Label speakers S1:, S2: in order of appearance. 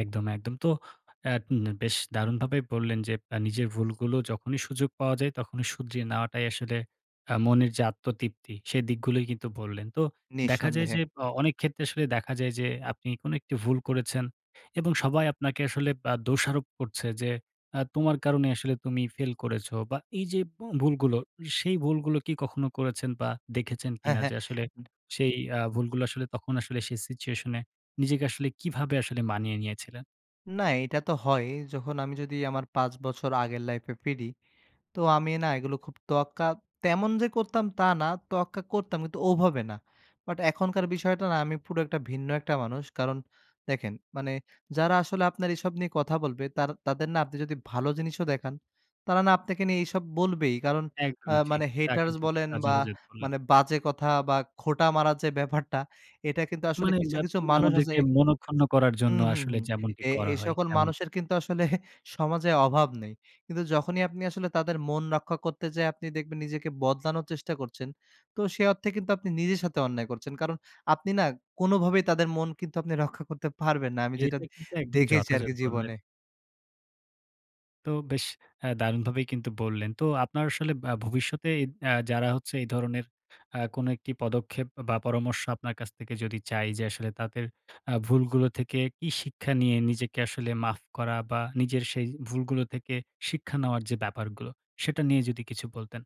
S1: একদম, একদম। তো এ্যাঁ এন বেশ দারুণভাবে বললেন যে, এ্যাঁ নিজের ভুলগুলো যখনই সুযোগ পাওয়া যায় তখনই শুধিয়ে নেওয়াটাই আসলে, এ্যাঁ মনের যে আত্মতৃপ্তি। সে দিকগুলোই কিন্তু বললেন। তো দেখা যায়
S2: নিঃসন্দেহে।
S1: যে অ অনেক ক্ষেত্রে আসলে দেখা যায় যে আপনি কোন একটি ভুল করেছেন এবং সবাই আপনাকে আসলে আ দোষারোপ করছে যে আ তোমার কারণে আসলে তুমি ফেইল করেছো বা এই যে ব ভুলগুলো, সেই ভুলগুলো কি কখনো করেছেন বা দেখেছেন
S2: হ্যাঁ,
S1: কিনা
S2: হ্যাঁ।
S1: যে, আসলে সেই এ্যাঁ ভুলগুলো আসলে তখন আসলে সেই সিচুয়েশন এ নিজেকে আসলে কিভাবে আসলে মানিয়ে নিয়েছিলেন?
S2: না, এইটা তো হয় যখন আমি যদি আমার ৫ বছর আগের লাইফ এ ফিরি, তো আমি না এগুলো খুব তোয়াক্কা তেমন যে করতাম তা না, তোয়াক্কা করতাম কিন্তু ওভাবে না। বাট এখনকার বিষয়টা না আমি পুরো একটা ভিন্ন একটা মানুষ। কারণ দেখেন, মানে যারা আসলে আপনার এসব নিয়ে কথা বলবে তার তাদের না আপনি যদি ভালো জিনিসও দেখান, তারা না আপনাকে নিয়ে এসব বলবেই কারণ আ
S1: একদমই ঠিক।
S2: মানে
S1: তা
S2: হেটার্স
S1: কিন্তু
S2: বলেন বা
S1: [unintelligible]
S2: মানে বাজে কথা বা খোঁটা মারার যে ব্যাপারটা এটা কিন্তু আসলে
S1: মানে
S2: কিছু,
S1: ব্যাপ
S2: কিছু মানুষ আছে
S1: আমাদেরকে মনঃক্ষুন্ন করার জন্য
S2: হুম, হুম,
S1: আসলে
S2: হুম
S1: যেমনটি
S2: এ
S1: করা
S2: এ
S1: হয়
S2: সকল
S1: তেমনটি।
S2: মানুষের কিন্তু আসলে সমাজে অভাব নেই। কিন্তু যখনই আপনি আসলে তাদের মন রক্ষা করতে যায়ে আপনি দেখবেন নিজেকে বদলানোর চেষ্টা করছেন। তো সে অর্থে কিন্তু আপনি নিজের সাথে অন্যায় করছেন। কারণ আপনি না, কোনভাবেই তাদের মন কিন্তু আপনি রক্ষা করতে পারবেন না। আমি যেটা
S1: এটা কিন্তু একদম
S2: দেখেছি
S1: যথাযথ
S2: আরকি,
S1: বললেন।
S2: জীবনে।
S1: তো বেশ এ্যাঁ দারুণভাবেই কিন্তু বললেন। তো আপনার আসলে আ ভবিষ্যতে আ যারা হচ্ছে এই ধরনের আ কোন একটি পদক্ষেপ বা পরামর্শ আপনার কাছ থেকে যদি চাই যে আসলে আ তাদের আ ভুলগুলো থেকে কি শিক্ষা নিয়ে নিজেকে আসলে মাফ করা বা নিজের সেই ভুলগুলো থেকে শিক্ষা নেওয়ার যে ব্যাপারগুলো, সেটা নিয়ে যদি কিছু বলতেন।